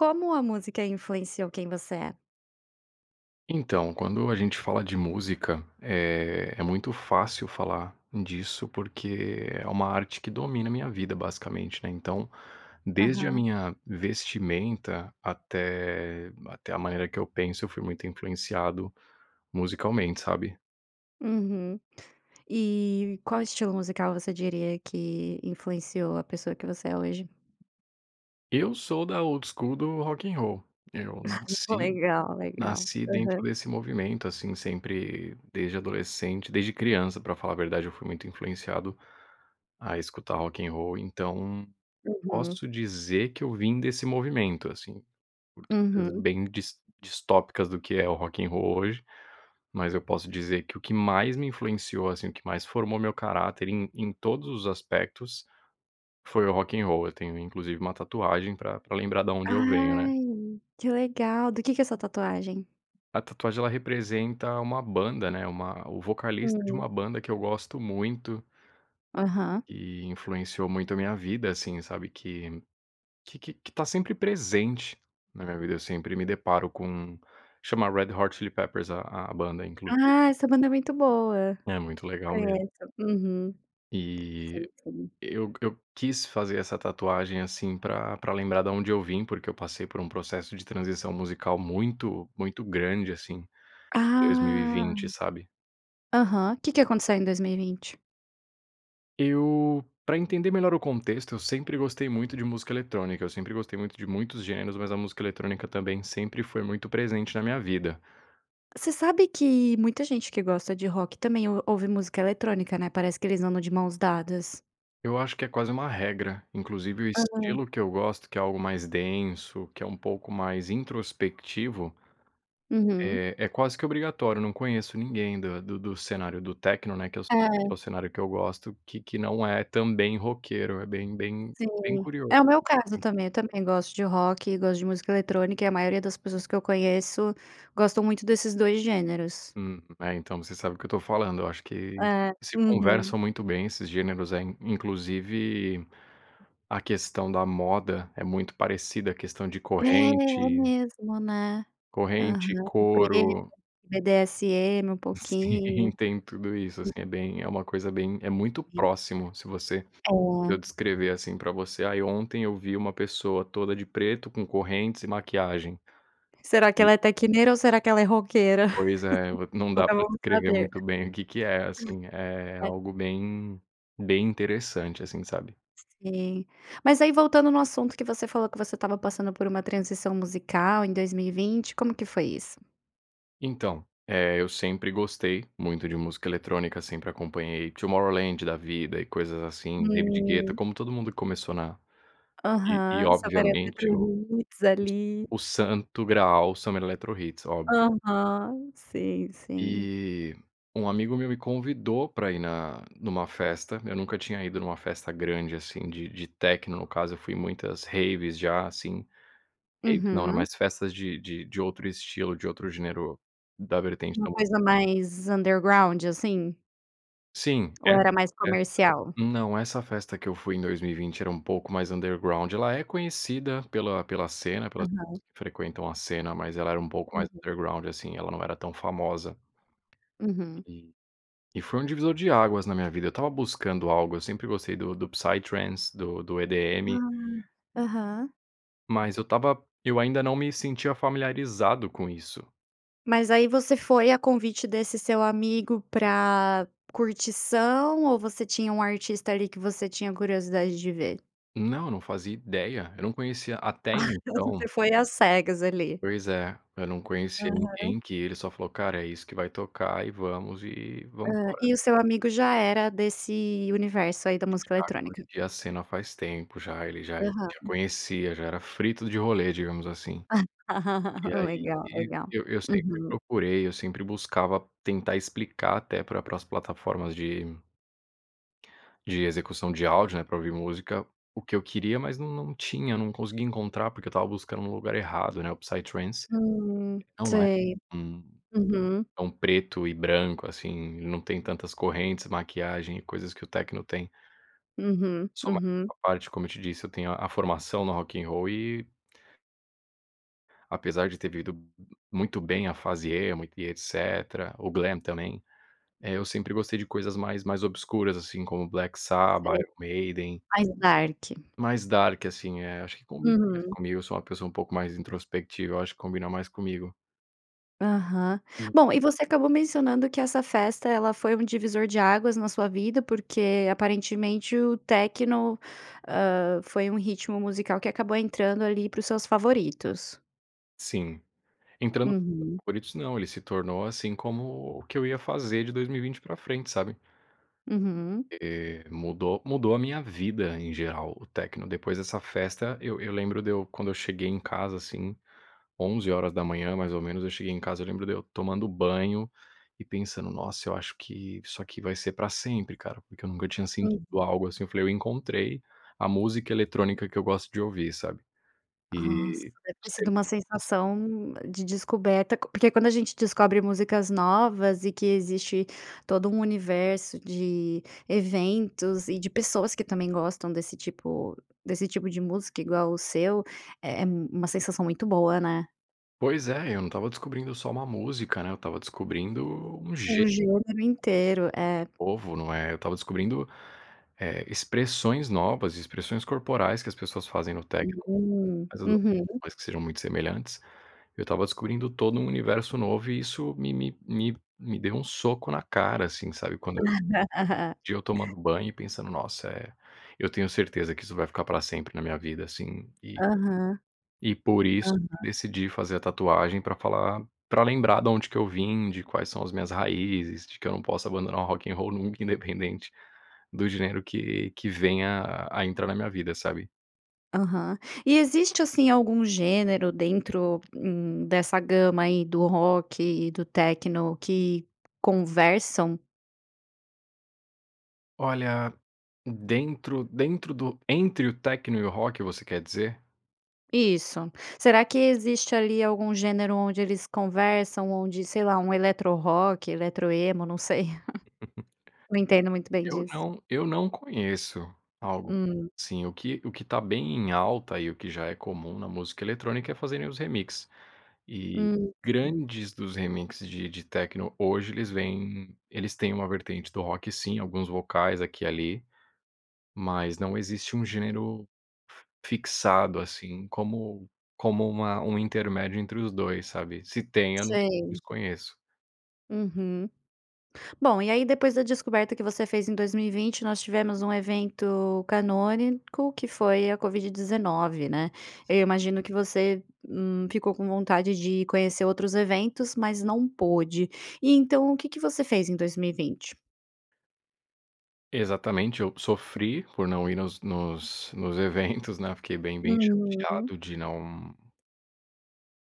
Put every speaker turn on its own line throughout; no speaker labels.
Como a música influenciou quem você é?
Então, quando a gente fala de música, é é muito fácil falar disso, porque é uma arte que domina a minha vida, basicamente, né. Então desde a
Aham.
minha vestimenta até até a maneira que eu penso, eu fui muito influenciado musicalmente, sabe.
Uhum. E qual estilo musical você diria que influenciou a pessoa que você é hoje?
Eu sou da old school do Rock and Roll. Eu nasci
Legal, legal.
nasci dentro
Aham.
desse movimento, assim, sempre, desde adolescente desde criança, pra falar a verdade. Eu fui muito influenciado a escutar Rock and Roll, então,
Uhum.
posso dizer que eu vim desse movimento, assim, por [unintelligible]
Uhum.
bem dis distópicas do que é o Rock and Roll hoje, mas eu posso dizer que o que mais me influenciou, assim, o que mais formou meu caráter, em em todos os aspectos, foi o Rock and Roll. Eu tenho, inclusive, uma tatuagem pra pra lembrar da onde eu venho, né.
Ai, que legal. Do que que é a sua tatuagem?
A tatuagem, ela representa uma banda, né, uma o vocalista de
Hum.
uma banda, que eu gosto muito
Aham.
e influenciou muito a minha vida, assim, sabe, que que que que tá sempre presente na minha vida, eu sempre me deparo com chama Red Hot Chili Peppers a a banda inclusi
Ah, essa banda é muito boa.
É muito legal mesmo.
Conheço, uhum.
E
Sim, sim.
eu eu quis fazer essa tatuagem, assim, pra pra lembrar da onde eu vim. Porque eu passei por processo de transição musical muito, muito grande, assim, em dois mil e
Ah!
vinte, sabe.
Aham, que que aconteceu em 2020?
Eu pra entender melhor o contexto, eu sempre gostei muito de música eletrônica. Eu sempre gostei muito de muitos gêneros, mas a música eletrônica também sempre foi muito presente na minha vida.
Você sabe que muita gente que gosta de rock, também o ouve música eletrônica, né? Parece que eles andam de mãos dadas.
Eu acho que é quase uma regra. Inclusive, o
Aham.
estilo que eu gosto, que é algo mais denso, que é um pouco mais introspectivo,
Uhum.
é é quase que obrigatório. Não conheço ninguém da do do do cenário do techno, né, que é que é o
É.
cenário que eu gosto, que que não é também roqueiro. É bem bem bem
Sim.
curioso,
É o meu caso
assim.
também, eu também gosto de rock e gosto de música eletrônica, e a maioria das pessoas que eu conheço, gostam muito desses 2 gêneros.
Hum. É, então você sabe do que eu tô falando. Eu acho que
É.
se
Uhum.
conversam muito bem esses gêneros. Eh, inclusive, a questão da moda é muito parecida, a questão de
É, é
corrente
mesmo, né?
corrente,
Aham. O preto,
couro.
o BDSN um
Sim.
pouquinho.
Tem tudo isso assim é bem
[unintelligible]
é uma coisa bem, é muito próximo se você se
Uhum.
eu
É.
descrever assim pra você: "Aí ontem eu vi uma pessoa toda de preto com correntes e maquiagem."
Será que
E.
ela é techneira ou será que ela é roqueira?
Pois é, v não dá
Nunca
pra
vamos
descrever
saber.
muito bem o que que é assim, é
É.
algo bem bem interessante, assim, sabe?
Sim. Mas aí voltando no assunto que você falou que você estava passando por uma transição musical em 2020, como que foi isso?
Então. Eh, eu sempre gostei muito de música eletrônica. Sempre acompanhei Tomorrowland da vida, e coisas assim, David Guetta.
Hum.
Como todo mundo que começou na e e,
Aham. Summer
obviamente, o
Eletrohits hits
o S
ali.
o Santo Graal, o Summer EletroHits, óbvio.
Aham. Sim, sim.
E um amigo meu me convidou pra ir na numa festa. Eu nunca tinha ido numa festa grande, assim, de de techno. No caso, eu fui em muitas raves já, assim. Raves não, era
Uhum.
mais festas de de de outro estilo, de outro gênero, da vertente
Uma
da música.
coisa mais underground assim?
Sim. E
Ou
e
era mais
essa
comercial?
não, essa festa que eu fui em 2020 era um pouco mais underground. Ela é conhecida pela pela cena, pela que
Aham.
frequentam a cena. Mas ela era um pouco mais
Uhum.
underground assim, ela não era tão famosa.
Uhum.
E e foi um divisor de águas na minha vida. Eu estava buscando algo, eu sempre gostei do do do psytrance, do do EDM.
Ah. Aham.
Mas eu estava eu ainda não me sentia familiarizado com isso.
Mas aí você foi a convite desse seu amigo pra curtição ou você tinha um artista ali que você tinha curiosidade de ver?
Não, não fazia ideia. Eu não conhecia até então.
Você foi às cegas ali.
Pois é. Eu não conhecia
Aham.
ninguém, que ele só falou: "Cara, é isso que vai tocar e vamos, e vamos
Hã.
embora."
E o seu amigo já era desse universo aí da música
Já
eletrônica.
curtia a cena faz tempo. Já ele já ele já
Aham.
conhecia. Já era frito de rolê, digamos assim. E aí,
Legal,
e
legal.
eu eu sempre
Uhum.
procurei, eu sempre buscava tentar explicar até para as plataformas de de execução de áudio, né, para ouvir música. O que eu queria, mas nã não tinha, não consegui encontrar. Porque eu estava buscando no lugar errado, né. O psytrance
Hum,
é online.
sei.
Hum,
Uhum.
é um preto e branco, assim, ele não tem tantas correntes, maquiagem e coisas que o techno tem.
Uhum.
Só
Uhum.
[unintelligible] à parte, como eu te disse, eu tenho a a formação no rock in roll e apesar de ter vivido m m muito bem a fase emo e etc, o glam também. Eh, eu sempre gostei de coisas mais mais obscuras, assim, como Black Sabbath,
Sei.
Iron Maiden.
Mais dark.
Mais dark, assim, eh, acho que combina mais
Uhum.
comigo. Eu sou uma pessoa pouco mais introspectiva, eu acho que combina mais comigo.
Aham.
Sim.
Bom, e você acabou mencionando que essa festa, ela foi um divisor de águas na sua vida, porque aparentemente, o techno, hã, foi um ritmo musical que acabou entrando ali para os seus favoritos.
Sim entrando [unintelligible]
Uhum.
favoritos não, ele se tornou assim como o que eu ia fazer de 2020 pra frente, sabe.
Uhum.
Eh, mudou mudou a minha vida em geral, o techno. Depois dessa festa, eu eu lembro de eu, quando eu cheguei em casa, assim, 11h, mais ou menos, eu cheguei em casa. Eu lembro de eu tomando banho e pensando: "Nossa, eu acho que isso aqui vai ser pra sempre, cara." Porque eu nunca tinha
Uhum.
sentido algo assim. Eu falei: "Eu encontrei a música eletrônica que eu gosto de ouvir", sabe,
Nossa.
e
Deve ter sido uma
[unintelligible]
sensação de descoberta, porque quando a gente descobre músicas novas e que existe todo um universo de eventos e de pessoas que também gostam desse tipo desse tipo de música igual o seu, é é uma sensação muito boa, né?
Pois é, eu não estava descobrindo só uma música, né? Eu estava descobrindo um ge
Surgiu no mundo inteiro, é.
novo, não é? Eu estava descobrindo, eh, expressões novas, expressões corporais que as pessoas fazem no techno.
Hum.
Mas eu dou por
Uhum.
mais que sejam muito semelhantes. Eu estava descobrindo todo um universo novo e isso me me me me deu um soco na cara, assim. Sabe quando eu de eu tomando banho e pensando: "Nossa, eh, eu tenho certeza que isso vai ficar para sempre na minha vida, assim."
Aham.
E por isso,
Aham.
decidi fazer a tatuagem pra falar pra lembrar da onde que eu vim, de quais são as minhas raízes, de que eu não posso abandonar o rock in roll nunca, independente do gênero que que venha a entrar na minha vida, sabe?
Aham. E existe assim, algum gênero dentro, hum, dessa gama aí do rock e do techno que conversam?
Olha. Dentro dentro do entre o techno e o rock, você quer dizer?
Isso. Será que existe ali algum gênero onde eles conversam, onde sei lá, um eletro rock, eletro emo? Não sei, não entendo muito bem
Eu
disso.
não eu não conheço algo
Hum.
assim. O que o que tá bem em alta e o que já é comum na música eletrônica é fazerem os remix. E
Hum.
grande dos remix de de techno hoje, eles vêm eles têm uma vertente do rock, sim, alguns vocais aqui e ali. Mas não existe um gênero fixado, assim, como como uma um intermédio entre os dois, sabe? Se tem, eu não
Sei.
desconheço.
Uhum. Bom, e aí, depois da descoberta que você fez em 2020, nós tivemos um evento canônico, que foi a COVID-19, né? Eu
Sim.
imagino que você, hum, ficou com vontade de conhecer outros eventos, mas não pôde. E então, o que que você fez em 2020?
Exatamente, eu sofri por não ir nos nos nos eventos, né, fiquei bem bem chateado
Uhum.
de não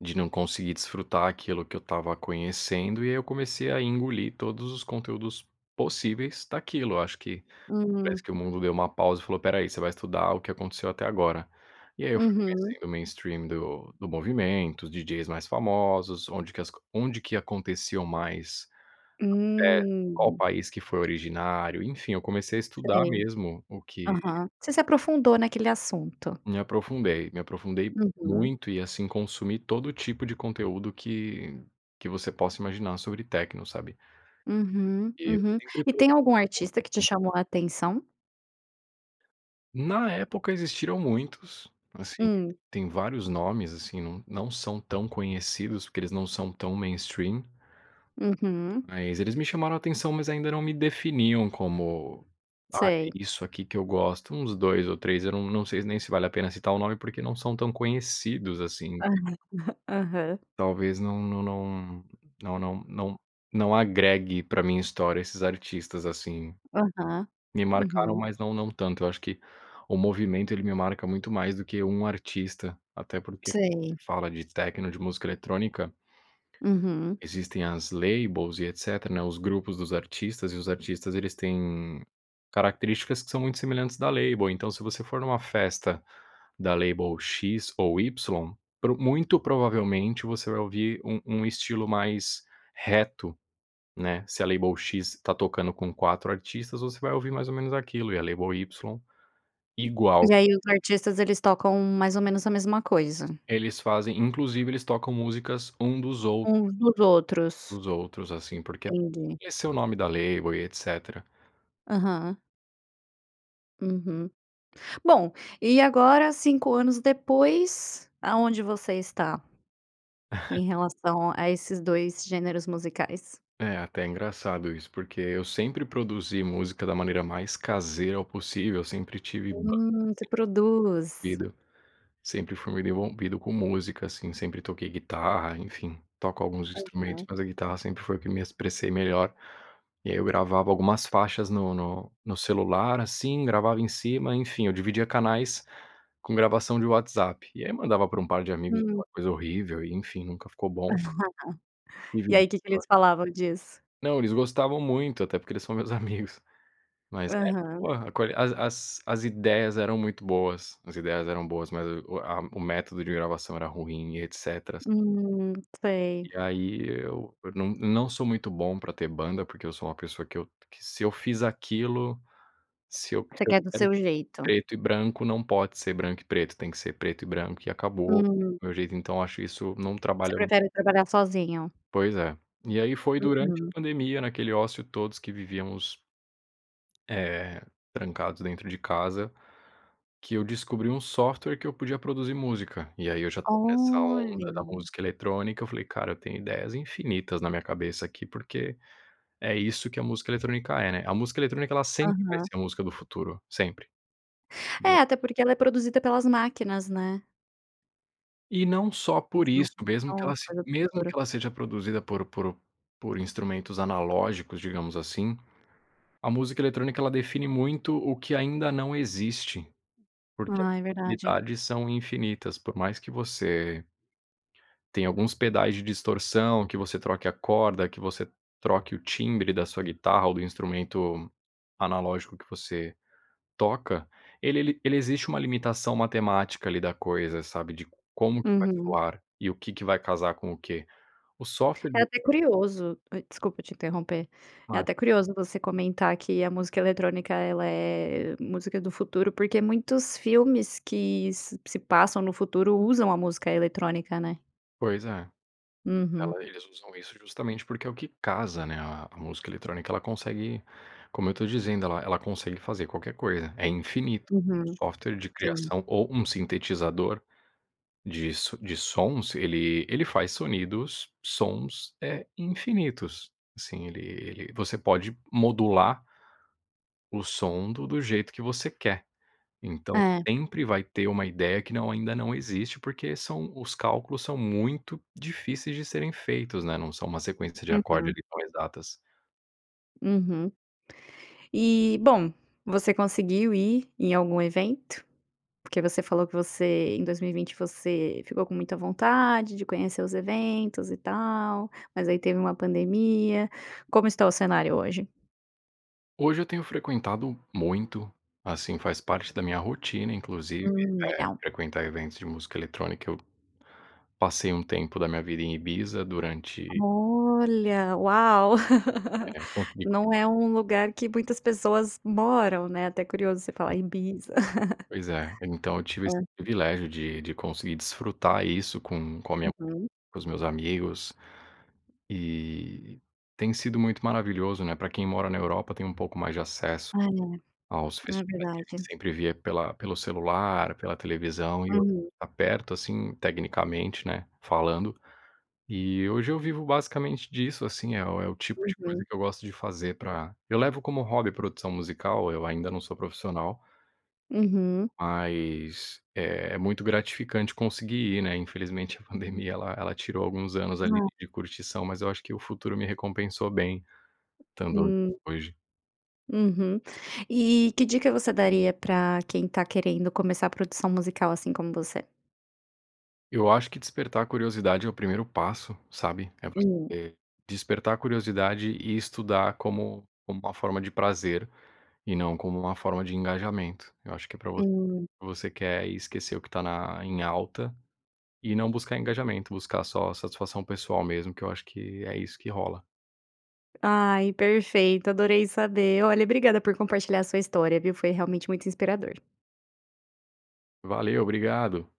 de não conseguir desfrutar aquilo que eu tava conhecendo e eu comecei a engolir todos os conteúdos possíveis daquilo. Eu acho que parece
Hum.
que o mundo deu uma pausa e falou: "Pera aí, você vai estudar o que aconteceu até agora". E aí eu fui
Uhum.
conhecendo o mainstream do do movimento, os DJs mais famosos, onde que as co onde que aconteciam mais, até qual
Hum.
país que foi originário, enfim, eu comecei a estudar
Sei,
mesmo, o que
aham, você se aprofundou naquele assunto.
me aprofundei, me aprofundei
Uhum.
muito e assim consumi todo tipo de conteúdo que que você possa imaginar sobre techno, sabe.
Uhum,
E eu
uhum.
sempre
E
[unintelligible]
tem algum artista que te
público.
chamou a atenção?
Na época existiram muitos, assim,
Hum.
tem vários nomes, assim, não não são tão conhecidos porque eles não são tão mainstream.
Uhum.
Mas eles me chamaram atenção, mas ainda não me definiam como, ah, é
Sei.
isso aqui que eu gosto, uns 2 ou 3 eu não não sei nem se vale a pena citar o nome, porque não são tão conhecidos assim.
Aham.
Talvez não não não não não não não agregue pra minha história esses artistas assim,
Aham,
me marcaram,
uhum.
mas não não tanto. Eu acho que o movimento, ele me marca muito mais do que um artista, até porque
Sei.
se fala de techno, de música eletrônica,
Uhum.
existem as labels e etc, né, os grupos dos artistas e os artistas, eles têm características que são muito semelhantes da label. Então se você for numa festa da label "x" ou "y", pro muito provavelmente você vai ouvir um um estilo mais reto, né, se a label "x" tá tocando com 4 artistas, você vai ouvir mais ou menos aquilo e a label "y", igual.
E aí os artistas eles tocam mais ou menos a mesma coisa.
Eles fazem inclusive eles tocam músicas um dos ou
Uns dos outros.
dos outros assim porque,
Entendi.
esse é o nome da label e etc.
Aham. Uhum. Bom, e agora 5 anos depois, aonde você está? Em relação a esses 2 gêneros musicais?
É até engraçado isso, porque eu sempre produzi música da maneira mais caseira possível, eu sempre tive banda
Hum, você
assim,
produz.
[unintelligible] sempre fui muito envolvido com música assim, sempre toquei guitarra, enfim, toco alguns instrumentos
Aham.
mas a guitarra sempre foi o que me expressei melhor, e aí eu gravava algumas faixas no no no celular, assim, gravava em cima, enfim, eu dividia canais com gravação de WhatsApp, e aí mandava pra um par de amigos
Hum.
aquela coisa horrível e enfim, nunca ficou bom me
E
julgo,
aí que que
vai
eles falavam disso?
Não, eles gostavam muito, até porque eles são meus amigos, mas é
Aham.
por colh as as as ideias eram muito boas, as ideias eram boas, mas o a o método de gravação era ruim e eticétera. S
Hum, sei.
e aí eu eu não não sou muito bom pra ter banda, porque eu sou uma pessoa que eu que se eu fiz aquilo, se eu
Você
se eu
quer do
quero
seu jeito.
preto e branco não pode ser branco e preto, tem que ser preto e branco e acabou,
Hum.
meu jeito, então, acho isso não
Você
trabalha
prefere trabalhar sozinho?
Pois é, e aí foi durante
Uhum.
a pandemia naquele ócio todos que vivíamos eh, trancados dentro de casa, que eu descobri um software que eu podia produzir música, e aí eu já estava nessa onda da
Olha.
música eletrônica, eu falei: "Cara, eu tenho ideias infinitas na minha cabeça aqui", porque é isso que a música eletrônica é, né. A música eletrônica ela sempre vai
Aham.
ser a música do futuro, sempre, é.
É, até porque ela é produzida pelas máquinas, né?
E não só por
As
isto.
máquinas
Mesmo
são
que
uma
ela se
coisa do
mesmo
futuro.
que ela seja produzida por por por instrumentos analógicos, digamos assim, a música eletrônica ela define muito o que ainda não existe, porque as
Ah, é verdade.
infinidades são infinitas, por mais que você tem alguns pedais de distorção, que você troque a corda, que você troque o timbre da sua guitarra ou do instrumento analógico que você toca, ele ele ele existe uma limitação matemática ali da coisa, sabe, de como que vai
Uhum.
soar, e o que que vai casar com o quê? O software
É
de
até curioso, desculpa te interromper, é
[unintelligible]
até curioso você comentar que a música eletrónica, ela é música do futuro, porque muitos filmes que se passam no futuro usam a música eletrónica, né?
Pois é,
Uhum.
ela eles usam isso justamente porque é o que casa, né, a música eletrônica ela consegue, como eu estou dizendo, ela ela consegue fazer qualquer coisa, é infinito.
Uhum,
O software de
sim.
criação ou um sintetizador de s de sons, ele ele faz sonidos sons, eh, infinitos. Assim, ele ele você pode modular o som do do jeito que você quer, então
É.
sempre vai ter uma ideia que não ainda não existe porque são os cálculos são muito difíceis de serem feitos, né, não são uma sequência de acorde,
Uhum.
ali, colhe datas.
Uhum. E, bom, você conseguiu ir em algum evento? Porque você falou que você em 2020 você ficou com muita vontade de conhecer os eventos e tal, mas aí teve uma pandemia, como está o cenário hoje?
Hoje eu tenho frequentado muito, assim, faz parte da minha rotina inclusive,
Hum,
né,
legal.
frequentar eventos de música eletrônica. Eu passei um tempo da minha vida em Ibiza durante
Olha, uau.
É, consegui
Não é um lugar que muitas pessoas moram, né, até curioso você falar
[unintelligible]
Ibiza.
Pois é, então eu tive esse
Hã.
privilégio de de conseguir desfrutar isso com com a minha
Uhum.
com os meus amigos e tem sido muito maravilhoso, né, pra quem mora na Europa tem um pouco mais de acesso
Ah é,
aos
não, é
festivais que a gente
verdade.
sempre via pela pelo celular, pela televisão e eu
Hum.
aperto, assim, tecnicamente, né, falando, e hoje eu vivo basicamente disso, assim. É o é o tipo de coisa
Uhum.
que eu gosto de fazer pra eu levo como um hobby produção musical. Eu ainda não sou profissional
Uhum.
mas é muito gratificante conseguir ir, né. Infelizmente, a pandemia ela ela tirou alguns anos ali
É.
de curtição, mas eu acho que o futuro me recompensou bem, estando
Hum.
hoje.
Uhum. E que dica você daria pra quem tá querendo começar a produção musical assim como você?
Eu acho que despertar curiosidade é o primeiro passo, sabe, é
Hum.
você despertar curiosidade e estudar como uma forma de prazer, e não como uma forma de engajamento. Eu acho que é pra
Hum.
você quer esquecer o que tá na em alta, e não buscar engajamento, buscar só satisfação pessoal mesmo que eu acho que é isso que rola.
Ai, perfeito, adorei saber. Olha, obrigada por compartilhar a sua história, viu, foi realmente muito inspirador.
Valeu, obrigado.